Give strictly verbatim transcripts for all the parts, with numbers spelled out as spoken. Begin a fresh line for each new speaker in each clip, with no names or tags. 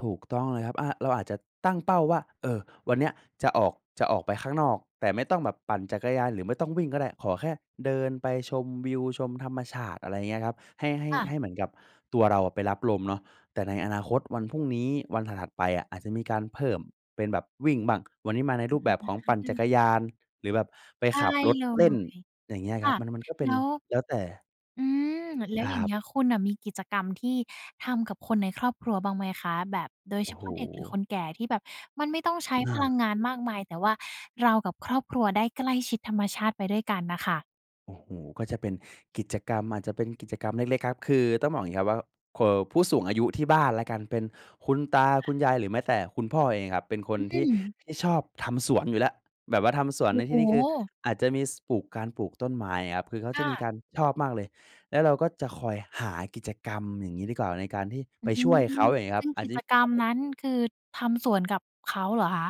ถูกต้องเลยครับ อ่า เราอาจจะตั้งเป้าว่า เออ วันเนี้ยจะออก จะออกไปข้างนอก แต่ไม่ต้องแบบปั่นจักรยาน หรือไม่ต้องวิ่งก็ได้ ขอแค่เดินไปชมวิว ชมธรรมชาติ อะไรอย่างเงี้ยครับ ให้ ให้
ค่
ให
ะ
้เหมือนกับตัวเราไปรับลมเนาะ แต่ในอนาคตวันพรุ่งนี้ วันถัด ๆ ไปอะ อาจจะมีการเพิ่มเป็นแบบวิ่งบ้าง วันนี้มาใน
อ
รูปแบบของปั่น
ื
จัก
ม
รยาน หรือแบบไป
ได
ข
้
ับรถ
เล
เล่น
ย
อย่างเงี้ย
ค
ครั
่
บ
ะ
มัน มันก็เป็
แ
น
ล้ว
แล้วแต่
อืม แล้
ค
ว
ร
อย่
ั
างเง
บ
ี้ย คุณน่ะมีกิจกรรมที่ทำกับคนในครอบครัวบ้างไหมคะ? แบบโดย
โอ
เฉ
้โ
พ
ฮ
าะเด็กหรือคนแก่ที่แบบมันไม่ต้อง ใช้
อ
พลั
า
งงานมากมาย แต่ว่าเรากับครอบครัวได้ใกล้ชิดธรรมชาติไปด้วยกันน่ะค่ะ
โอ้โฮ ก็จะเป็นกิจกรรม อาจจะเป็นกิจกรรมเล็ก ๆ ครับ คือต้องบอกอย่างนี้ครับว่า เออ ผู้สูงอายุที่บ้านแล้วกัน เป็นคุณตา
ค
ค
่
ุ
ะ
ณยาย หรือแม้แต่คุณพ่อเองครับ เป็นค
อ
น
ื
ที่
ม
ที่ชอบทำสวนอยู่แล้ว แบบว่าทำสวน
โอ
ใน
้โ
ท
ฮ
ี่นี้คือ อาจจะมี ส ปลูก การปลูกต้นไม้ครับ คือเขา
ค
จะ
่
มี
ะ
การ ชอบมากเลย แล้วเราก็จะคอยหากิจกรรมอย่างงี้ดีกว่า ในการที่
อ
ไ
ื
ป
้อฮื
ช่วยเข
อ
า อย่างงี้ค
ซ
รั
ึ
บ
่ง
อั
ก
น
ิ
นี้
จกรรมนั้นคือทำสวนกับเขาเหรอคะ?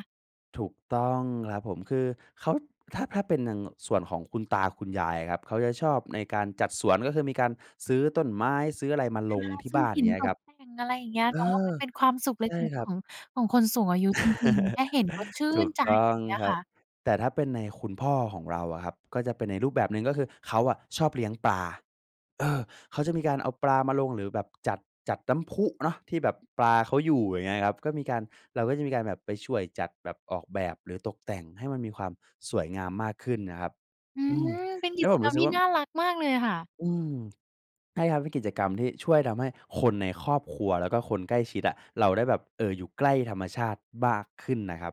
ถูกต้องครับผม คือเขา ถ้า ถ้าเป็นดัง ง ส่วนของคุณตา คุณยายครับ เขาจะชอบในการจัดสวน ก็คือมีการซื้อต้นไม้ ซื้ออะไรมา
อ
ล
า
งที่
ซื้
บ
อ
้าน
ห
อย
ิ
่
น
างเงี้
ต
ยคร
ก
ับ
แต่ง อะไรอย่างเงี้ย
เอ
เนาะ มั
อ
นเป็นความสุขเล
ใช่
็ก
คร
ๆ ข
ับ
อง ของคนสูงอายุจริง ๆ แค่เห็นก็ชื่
ถู
น
ก
ใจ
ต้อ
อย่
ง
างเงี้ย
ครั
ค่
บ
ะ
แต่ถ้าเป็นในคุณพ่อของเราอะครับ ก็เป็นในรูปแบบหนึ่งก็คือเขาอะชอบเลี้ยงปลา เออ เขาจะมีการเอาปลามาลงหรือแบบจัด จัดน้ำพุเนาะ ที่แบบปลาเขาอยู่ อย่างเงี้ยครับ ก็มีการ เราก็จะมีการแบบไปช่วยจัด แบบออกแบบ หรือตกแต่งให้มันมีความสวยงามมากขึ้นนะครับ
อื
อื
ม
ม
เป็น
แ
ก
ล้
ิ
ว
จ
ผม
กร
ร
ร
ู้
ม
สึก
ที่
ว่า
น่ารักมากเลยค่ะ
อืม ใช่ครับ เป็นกิจกรรมที่ช่วยทำให้คนในครอบครัว แล้วก็คนใกล้ชิดอะ เราได้แบบ เออ อยู่ใกล้ธรรมชาติบ้าก ขึ้นนะครับ